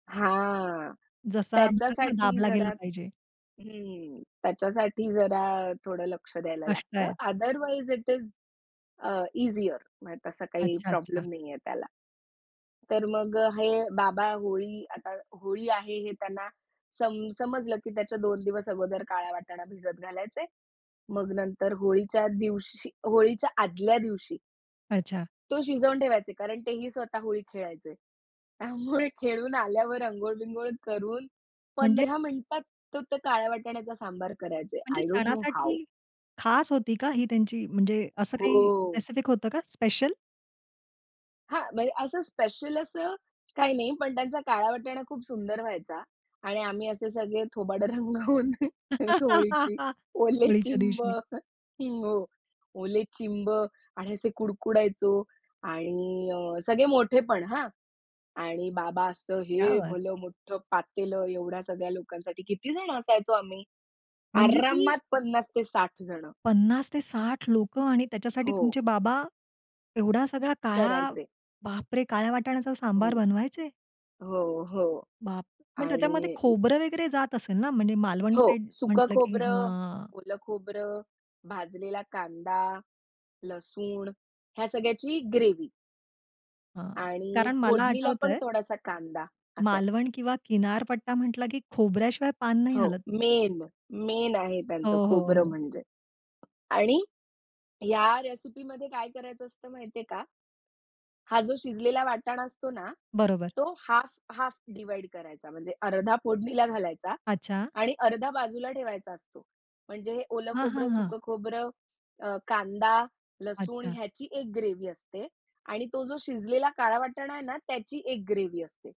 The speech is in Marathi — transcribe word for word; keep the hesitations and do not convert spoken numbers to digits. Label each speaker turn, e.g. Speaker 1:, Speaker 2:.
Speaker 1: हां.
Speaker 2: जसा म्हणतात ना
Speaker 1: त्याच्यासाठी
Speaker 2: दाबला
Speaker 1: जरा
Speaker 2: गेला पाहिजे.
Speaker 1: हं. त्याच्यासाठी जरा थोडं लक्ष द्यायला
Speaker 2: कष्ट
Speaker 1: लागतं.
Speaker 2: आहेत.
Speaker 1: अदरवाईज इट इस अ, ईझिअर म्हणजे तसा काही
Speaker 2: अच्छा, अच्छा.
Speaker 1: प्रॉब्लेम नाहीये त्याला. तर मग हे बाबा होळी आता होळी आहे हे त्यांना सम समजलं की त्याच्या दोन दिवस अगोदर काळा वाटाणा भिजत घालायचे. मग नंतर होळीच्या दिवशी होळीच्या आदल्या दिवशी
Speaker 2: अचा.
Speaker 1: तो शिजवून ठेवायचे कारण तेही स्वतः होळी खेळायचे. त्यामुळे खेळून आल्यावर अंघोळ बिंघोळ करून
Speaker 2: म्हणजे
Speaker 1: पंधरा मिनिटात तो त्या काळ्या वाटाण्याचा सांबार करायचे.
Speaker 2: म्हणजे
Speaker 1: आय डोंट नो हाऊ.
Speaker 2: सणासाठी खास होती का ही त्यांची, म्हणजे असं काही
Speaker 1: हो.
Speaker 2: स्पेसिफिक होतं का स्पेशल?
Speaker 1: हां, म्हणजे असं स्पेशल असं काही नाही पण त्यांचा काळा वाटाणा खूप सुंदर व्हायचा. आणि आम्ही असे सगळे थोबाडं रंगावून. होळीची ओले
Speaker 2: होळीच्या
Speaker 1: चिंब
Speaker 2: दिवशी.
Speaker 1: हो. ओले चिंब आणि असे कुडकुडायचो आणि अ, सगळे मोठेपण हां. आणि बाबा असं
Speaker 2: क्या
Speaker 1: हे
Speaker 2: बात!
Speaker 1: भलं मोठं पातेलं एवढ्या सगळ्या लोकांसाठी किती जण असायचो आम्ही
Speaker 2: म्हणजे तुम्ही
Speaker 1: आरामात पन्नास ते साठ जण
Speaker 2: पन्नास ते साठ लोकं आणि त्याच्यासाठी
Speaker 1: हो.
Speaker 2: तुमचे बाबा एवढा सगळा काळा
Speaker 1: करायचे.
Speaker 2: बापरे! काळ्या वाटाण्याचा
Speaker 1: हो.
Speaker 2: सांबार बनवायचे?
Speaker 1: हो, हो.
Speaker 2: बाप! मग त्याच्यामध्ये
Speaker 1: आणि
Speaker 2: खोबरं वगैरे जात असेल ना? म्हणजे मालवण
Speaker 1: हो.
Speaker 2: साइड
Speaker 1: सुकं
Speaker 2: म्हंटलं की
Speaker 1: खोबरं,
Speaker 2: हां.
Speaker 1: ओलं खोबरं, भाजलेला कांदा, लसूण, ह्या सगळ्याची ग्रेव्ही
Speaker 2: हां,
Speaker 1: आणि
Speaker 2: कारण मला
Speaker 1: फोडणीला पण
Speaker 2: आठवतंय
Speaker 1: थोडासा कांदा, असं.
Speaker 2: मालवण किंवा किनारपट्टा म्हंटला की खोबऱ्याशिवाय पान नाही
Speaker 1: हो.
Speaker 2: हलत.
Speaker 1: मेन. मेन आहे
Speaker 2: हो,
Speaker 1: त्यांचं
Speaker 2: हो,
Speaker 1: खोबरं
Speaker 2: हो.
Speaker 1: म्हणजे. आणि या रेसिपीमध्ये काय करायचं असतं माहितीये का? हा जो शिजलेला वाटाण असतो ना,
Speaker 2: बरोबर.
Speaker 1: तो हाल्फ, हाल्फ डिव्हाईड करायचा. म्हणजे अर्धा फोडणीला घालायचा
Speaker 2: अच्छा.
Speaker 1: आणि अर्धा बाजूला ठेवायचा असतो. म्हणजे हे ओलं
Speaker 2: हां, हां,
Speaker 1: खोबरं,
Speaker 2: हां.
Speaker 1: सुकं खोबरं, अ, कांदा, लसूण
Speaker 2: अच्छा.
Speaker 1: ह्याची एक ग्रेव्ही. असते. आणि तो जो शिजलेला काळा वाटाणा आहे ना त्याची एक ग्रेव्ही. असते.